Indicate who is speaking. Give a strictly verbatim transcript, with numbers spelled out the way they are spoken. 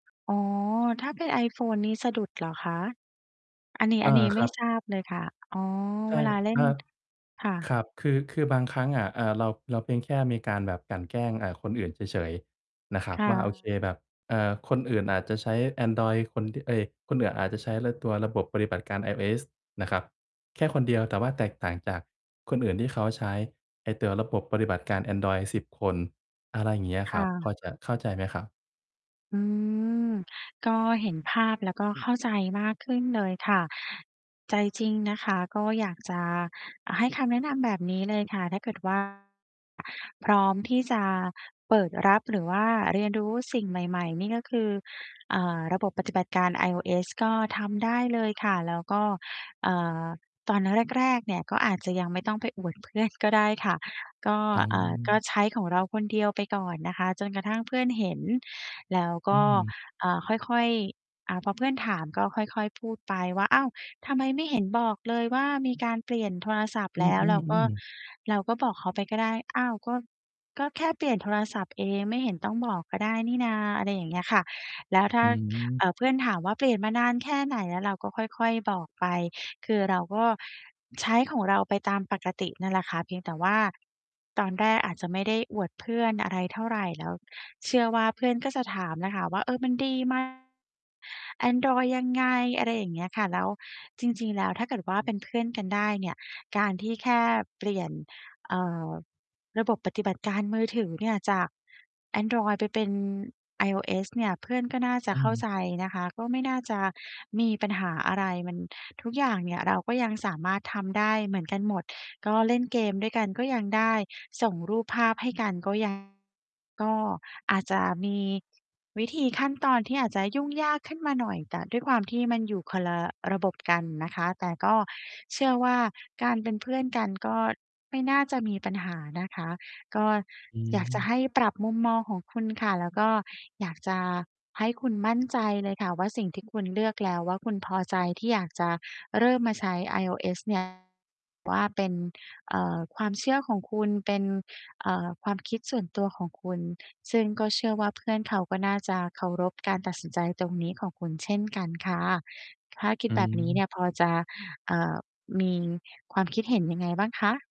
Speaker 1: อ๋อ ถ้าเป็น iPhone นี้สะดุดเหรอคะ? อันนี้
Speaker 2: อ
Speaker 1: อั
Speaker 2: า
Speaker 1: นนี้
Speaker 2: ค
Speaker 1: ไม่
Speaker 2: รับ
Speaker 1: ทราบเลยค่ะ อ๋อ
Speaker 2: ใช่
Speaker 1: เวลาเล่
Speaker 2: ค
Speaker 1: น
Speaker 2: รับ
Speaker 1: ค่
Speaker 2: ค
Speaker 1: ะ
Speaker 2: รับ คือ คือบางครั้งอะ เอ่อ เรา เราเพียงแค่มีการแบบกลั่นแกล้ง อ่า คนอื่นเฉย ๆ นะครับ
Speaker 1: ค่
Speaker 2: ว่า โอเค
Speaker 1: ะ
Speaker 2: แบบ เอ่อ คนอื่นอาจจะใช้แอนดรอยด์คนที่ เอ๊ย คนอื่นอาจจะใช้เล่นตัวระบบปฏิบัติการ iOS นะครับ แค่คนเดียว แต่ว่าแตกต่างจากคนอื่นที่เขาใช้ไอ้ตัวระบบปฏิบัติการแอนดรอยด์ สิบ คน อะไรอย่างเงี้ย
Speaker 1: ค
Speaker 2: คร
Speaker 1: ่
Speaker 2: ับ พอ
Speaker 1: ะ
Speaker 2: จะเข้าใจไหมครับ?
Speaker 1: อืม ก็เห็นภาพ แล้วก็ เข้าใจมากขึ้นเลยค่ะ ใจจริงนะคะ ก็อยากจะ อา ให้คำแนะนำแบบนี้เลยค่ะ ถ้าเกิด ว่า พร้อมที่จะเปิดรับ หรือว่าเรียนรู้สิ่งใหม่ ๆ นี่ก็คือ อ่า ระบบ ปฏิบัติการ iOS ก็ทำได้เลยค่ะ แล้วก็ เอ่อ ตอนแรก ๆ เนี่ย ก็อาจจะ ยังไม่ต้องไปอวดเพื่อนก็ได้ค่ะ ก็
Speaker 2: อ๋
Speaker 1: เอ่อ ก็
Speaker 2: อ
Speaker 1: ใช้ของเราคนเดียว ไปก่อนนะคะ จนกระทั่งเพื่อนเห็น แล้วก
Speaker 2: อื
Speaker 1: ็
Speaker 2: ม
Speaker 1: อ่า ค่อย ๆ อ่า พอ เพื่อนถาม ก็ค่อย ๆ พูดไปว่า "อ้าว ทำไมไม่เห็นบอกเลยว่า มีการเปลี่ยนโทรศัพท์
Speaker 2: อื
Speaker 1: แล้ว?" เราก็
Speaker 2: อ ๆ ๆ
Speaker 1: เราก็ บอกเขาไปก็ได้ "อ้าว ก็ ก็ แค่เปลี่ยนโทรศัพท์ เอง ไม่เห็นต้องบอกก็ได้นี่นา" อะไรอย่างเงี้ยค่ะ แล้วถ้
Speaker 2: อ
Speaker 1: า เ
Speaker 2: ืม
Speaker 1: อ่อ เพื่อนถามว่า "เปลี่ยนมานานแค่ไหนแล้ว?" เราก็ค่อย ๆ บอกไป คือเราก็ใช้ของเราไปตามปกตินั่นแหละค่ะ เพียงแต่ว่าตอนแรกอาจจะไม่ได้อวดเพื่อน อะไรเท่าไร แล้วเชื่อว่าเพื่อนก็จะถามน่ะค่ะว่า "เออ มันดี ไหม แอนดรอยด์ยังไง?" อะไรอย่างเงี้ยค่ะ แล้ว จริง ๆ แล้วถ้าเกิดว่า เป็นเพื่อนกันได้เนี่ย การที่แค่เปลี่ยน เอ่อ ระบบ ปฏิบัติการมือถือเนี่ย จาก แอนดรอยด์ไปเป็น iOS เนี่ย เพื่อนก็น่าจ
Speaker 2: อ
Speaker 1: ะเข้า
Speaker 2: ืม
Speaker 1: ใจนะคะ ก็ไม่น่าจะมีปัญหาอะไร มัน ทุกอย่างเนี่ยเราก็ยังสามารถทำได้เหมือนกันหมด ก็เล่นเกมด้วยกันก็ยังได้ ส่งรูปภาพให้กันก็ ยัง ก็อาจจะมีวิธี ขั้นตอนที่อาจจะยุ่งยากขึ้นมาหน่อย แต่ด้วยความที่มันอยู่คนละระบบกันนะคะ แต่ก็เชื่อว่าการเป็นเพื่อนกัน ก็ไม่น่าจะมีปัญหานะคะ ก็
Speaker 2: อื
Speaker 1: อยากจะใ
Speaker 2: ม
Speaker 1: ห้ปรับมุมมองของคุณค่ะ แล้วก็อยากจะให้คุณมั่นใจเลยค่ะว่า สิ่งที่คุณเลือกแล้วว่า คุณพอใจที่อยากจะเริ่มมาใช้ iOS เนี่ย ว่าเป็น เอ่อ ความเชื่อของคุณ เป็น เอ่อ ความคิดส่วนตัวของคุณ ซึ่งก็เชื่อว่าเพื่อนเขา ก็น่าจะเคารพ การตัดสินใจตรงนี้ของคุณเช่นกันค่ะ ถ้าคิ
Speaker 2: อ
Speaker 1: ด
Speaker 2: ื
Speaker 1: แบบนี้เน
Speaker 2: ม
Speaker 1: ี่ยพอจะ เอ่อ มีความ คิดเห็นยังไงบ้างคะ?